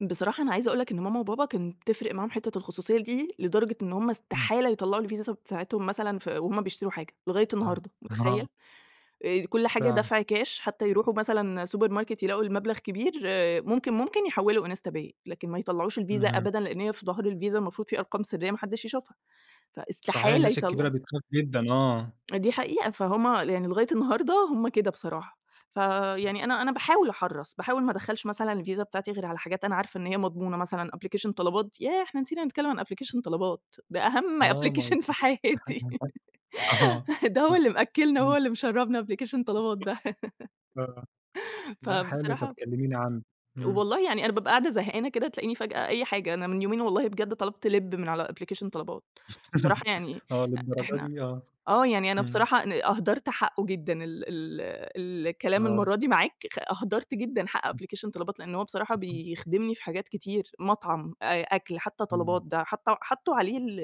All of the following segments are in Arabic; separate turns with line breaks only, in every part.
بصراحة أنا عايزة أقول لك إن ماما وبابا كان بتفرِق معاهم حِتّة الخصوصية دي، لدرجة إن هُم
إمم.
استحالة يطلّعوا الفيزا س بتاعتهم مثلًا في وهُم بيشتروا حاجة، لغاية
آه
النهارده،
آه.
متخيّل؟ آآ كلّ حاجة
فعلًا.
دفْع كاش حتى يرُوحوا مثلًا سوبر ماركت يلاقوا المبلَغ كبير، ممكن، ممكن يحوّلوا إنستا باي، لكن ما يطلّعوش الفيزا
اهم.
أبدًا لأن هي في ضَهر الفيزا المفروض في أرقام سريّة ما حدّش يشوفها،
صحيح
فاستحالة
الناس
يطلّع
الكبيرة بتخاف جدًا. آه.
دي حقيقة، فهُم يعني لغاية النهارده هُم كده بصراحة،
امم.
فيعني أنا أنا باحاول أحرَّص، باحاول ما أدخّلش مثلًا الفيزا بتاعتي غير على حاجات أنا عارفة إن هي مضمونة، مثلًا أبلكيشن طلبات ياه! إحنا نسينا نتكلّم عن أبلكيشن طلبات ده أهم
آه ما هو
application في حياتي
[unintelligible] آه
ده هو
[unintelligible]
اللي مأكّلنا، هو
امم.
اللي مشرّبنا أبليكيشن طلبات ده
آه. لا، حلو طَب
فبصراحة
كلميني عنه، إمم.
والله يعني أنا بابقى قاعدة زهقانة كده تلاقيني فجأة أي حاجة، أنا من يومين والله بجد طلبْت لِب من على أبلكيشن طلبات، بصراحة يعني،
آه،
إ
للدرجة
إحنا
دي! آه.
آه، يعني أنا
إمم.
بصراحة ن أهدَرت حقّه جدًا ال ال ال الكلام
آه.
المرَّة دي معاك خ أهدَرت جدًا حق
امم.
أبلكيشن طلبات، لأن هو بصراحة
[unintelligible]
بيخدِمني في حاجات كتير، مطعم، أ أكْل، حتى طلبات
إمم.
ده حط حطوا عليه ال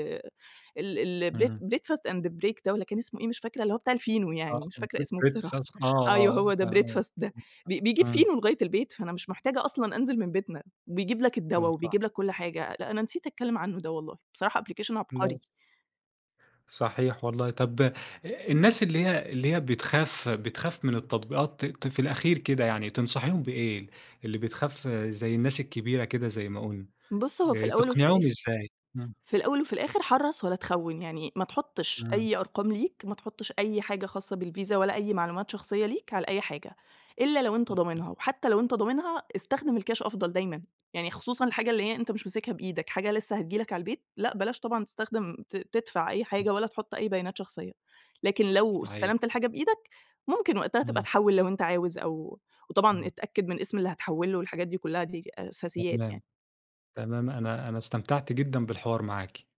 ال ال bre
إمم.
breadfast and break ده والّا كان اسمه إيه مش فاكرة، اللي هو بتاع الفينو يعني،
آه
مش فاكرة
Bread
اسمه بصراحة.
Breadfast آه،
أيوه هو
آه، ك
ده
آه
breadfast ده، ب
[unintelligible]
بيجيب
امم.
فينو لغاية البيت، فأنا مش محتاجة أصلًا أنزِل من بيتنا، وبيجيب لك الدوا
آه صح.
وبيجيب لك كلّ حاجة، لأ أنا نسيت أتكلّم عنه ده والله، بصراحة أبلكيشن عبقري.
[unintelligible] صحيح والله، طيب أ الناس اللي هي اللي هي بتخاف بتخاف من التطبيقات ت ت في الأخير كده يعني، تنصحيهم بإيه اللي بتخاف زي الناس الكبيرة كده زي ما قُلنا،
بُصّ، هو في
آآ
الأول وفي
تقنِعيهم
الآخِر
إزاي؟ امم.
في الأول وفي الآخِر حرّص ولا تخوّن، يعني ما تحطّش
إمم.
أي أرقام ليك، ما تحطّش أي حاجة خاصة بالفيزا ولا أي معلومات شخصية ليك على أي حاجة، إلا لو أنت
[unintelligible]
ضامنها، وحتى لو أنت ضامنها استخدِم الكاش أفضَل دايمًا، يعني خصوصًا الحاجة اللي هي أنت مش ماسكها بإيدك، حاجة لسه هتيجي لك على البيت، لأ بلاش طبعًا تستخدِم ت تدفع أي
امم.
حاجة ولا تحُط أي بيانات شخصية، لكن لو
صحيح.
استلمت الحاجة بإيدك ممكن وقتها تبقى
امم.
تحوّل لو أنت عاوز أو وطبعًا
امم.
اتأكّد من اسم اللي هتحوّل له والحاجات دي كلّها، دي أساسيات
تمام،
يعني.
تمام. أنا أنا استمتعت جدًا بالحوار معاكِ.